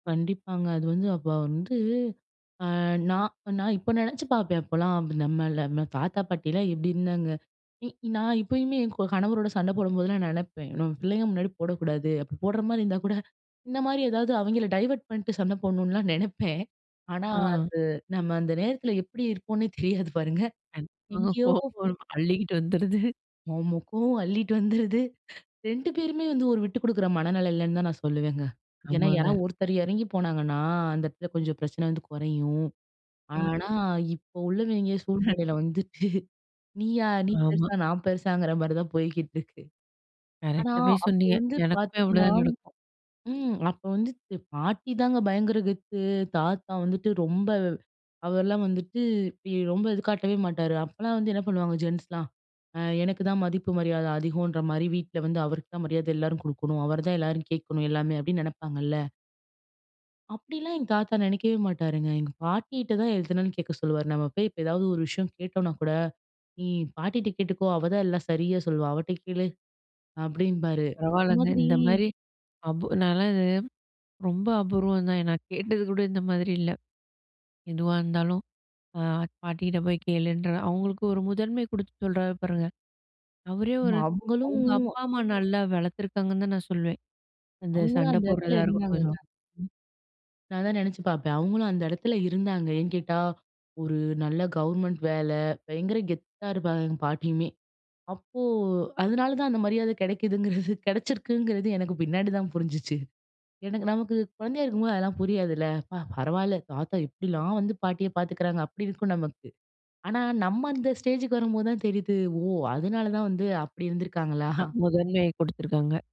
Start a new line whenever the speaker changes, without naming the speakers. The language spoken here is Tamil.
கண்டிப்பாங்க. அது வந்து அப்ப வந்து, அ நான், நான் இப்ப நினைச்சு பார்ப்பேன். அப்பல்லாம் நம்மள நம்ம தாத்தா பாட்டிலாம் எப்பிடி இருந்தாங்க! இ நான் இப்பயுமே என் க கணவரோட சண்டை போடும்போதெல்லாம் நினைப்பேன். நம்ம பிள்ளைங்க முன்னாடி போடக்கூடாது. அப்பிடி போட்றமாரி இருந்தா கூட இந்த மாதிரி ஏதாவது அவெங்கள டைவர்ட் பண்ணிட்டு, சண்டை போட்ணுலாம் நினைப்பேன். ஆனா, அது
ஆ.
நம்ம அந்த நேரத்தில எப்பிடி இருப்போன்னே தெரியாது பாருங்க.
[unintelligible]
எங்கேயோ
கோவம் அள்ளிக்கிட்டு வந்துருது.
ஆமா. கோவம் அள்ளிட்டு வந்துருது 2 பேருமே வந்து ஒரு விட்டு குடுக்குற மனநிலைல இல்லன்னு தான் நான் சொல்லுவேங்க. ஏன்னா யாராது
ஆமாங்க.
ஒருத்தர் இறங்கி போனாங்கன்னா அந்த இடத்துல கொஞ்சம் பிரச்சனை வந்து குறையும். ஆனா
ம்.
இப்ப உள்ளவெங்க சூழ்நிலையில வந்துட்டு நீயா! நீ
ஆமா.
பெருசா! நான் பெருசாங்கிறமாரி தான் போய்க்கிட்டு இருக்கு. ஆனா,
கரெக்டாவே
அப்ப
சொன்னீங்க!
வந்து
எனக்குமே
பார்த்தீங்ன்னா,
அவ்ளோதான் நடக்கும்.
ம். அப்போ வந்துட்டு, பாட்டிதாங்க பயங்கர கெத்து. தாத்தா வந்துட்டு ரொம்ப அவர்லாம் வந்துட்டு இ ரொம்ப இது காட்டவே மாட்டாரு. அப்பல்லாம் வந்து என்ன பண்ணுவாங்க, ஜென்ட்ஸ்லாம் அ எனக்கு தான் மதிப்பு மரியாதை அதிகம்ன்ற மாரி வீட்ல வந்து அவருக்கு தான் மரியாதை எல்லாரும் கொடுக்கணும். அவரு தான், எல்லாரும் கேட்கணும் எல்லாமே அப்பிடின்னு நினைப்பாங்கல்ல. அப்பிடிலாம் எங்க தாத்தா நினைக்கவே மாட்டாருங்க. எங்க பாட்டிட்ட தான் எதுனாலும் கேட்க சொல்லுவாரு. நம்ம போய் இப்ப ஏதாவது ஒரு விஷயம் கேட்டோன்னா கூட, நீ பாட்டிட்ட கேட்டுக்கோ! அவதான் எல்லாம் சரியா சொல்லுவா! அவட்ட கேளு, அப்பிடின்பாரு.
பரவாலங்க.
இந்தமாதிரி
இந்தமாரி அபு நாலாம் இது ரொம்ப அபூர்வம் தான். நான் கேட்டது கூட இந்த மாதிரி இல்ல. எதுவா இருந்தாலும் அ பாட்டிக்கிட்ட போய் கேளுன்ற, அவுங்களுக்கு ஒரு முதன்மை கொடுத்து சொல்றாரு பாருங்க! அவரே
ஆமா!
ஒரு
அவுங்களும்
அவுங்க அப்பா, அம்மா நல்லா வளர்த்துருக்காங்கன்னு தான் நான் சொல்லுவேன். அந்த
அவுங்களும்
சண்டை
அந்த இடத்தில
போடுறதா இருக்கட்டும். [unintelligible]
இருந்தாங்கல்ல.
ம்.
நான் அதான் நினைச்சு பார்ப்பேன். அவுங்களும் அந்த இடத்துல இருந்தாங்க. ஏன் கேட்டா, ஒரு நல்ல கவர்மெண்ட் வேலை. பயங்கர கெத்தா இருப்பாங்க எங்க பாட்டியுமே! அப்போ அதனால தான் அந்த மரியாதை கிடைக்குதுங்கிறது, கிடைச்சிருக்குங்கிறது எனக்கு பின்னாடிதான் புரிஞ்சுச்சு. எனக்கு நமக்கு குழந்தையா இருக்கும்போது அதெல்லாம் புரியாதுல. அப்பா! பரவால்ல, தாத்தா எப்பிடிலாம் வந்து பாட்டிய பாத்துக்கிறாங்க. அப்பிடி இருக்கும் நமக்கு. ஆனா நம்ம அந்த ஸ்டேஜுக்கு வரும்போதுதான் தெரியுது, ஓ! அதுனால தான் வந்து அப்பிடி இருந்துருக்காங்களா?
[unintelligible] முதன்மைய கொடுத்துருக்காங்க.